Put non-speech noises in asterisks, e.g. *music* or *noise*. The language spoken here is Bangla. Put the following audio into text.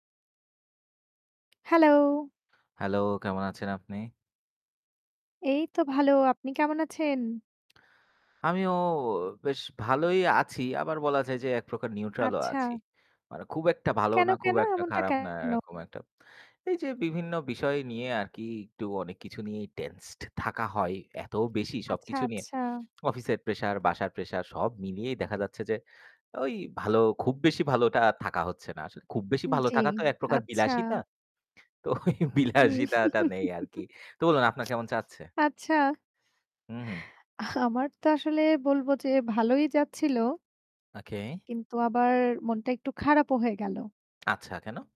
Hello। Hello, কেমন আছেন আপনি? এই তো ভালো। আপনি কেমন আছেন? আমিও বেশ ভালোই আছি। আবার বলা যায় যে একপ্রকার neutral ও আচ্ছা। আছি। মানে খুব একটা ভালোও কেন, না, খুব কেন? একটা এমনটা খারাপ না, কেন? এরকম একটা। এই যে বিভিন্ন বিষয় নিয়ে আর কি একটু অনেক কিছু নিয়ে tensed থাকা হয় এত বেশি আচ্ছা, সবকিছু নিয়ে, আচ্ছা। অফিসের pressure, বাসার pressure সব মিলিয়েই দেখা যাচ্ছে যে ওই ভালো খুব বেশি ভালোটা আর থাকা হচ্ছে না। আসলে খুব বেশি ভালো জ্বি, থাকা তো একপ্রকার আচ্ছা। বিলাসিতা। তো ওই হুম। বিলাসিতাটা নেই *chuckles* আর কি। তো বলুন আপনার কেমন চাচ্ছে? আচ্ছা। হুম, হুম। আমার তো আসলে বলব যে ভালোই যাচ্ছিল। Okay। কিন্তু আবার মনটা একটু খারাপও হয়ে গেল। আচ্ছা কেন?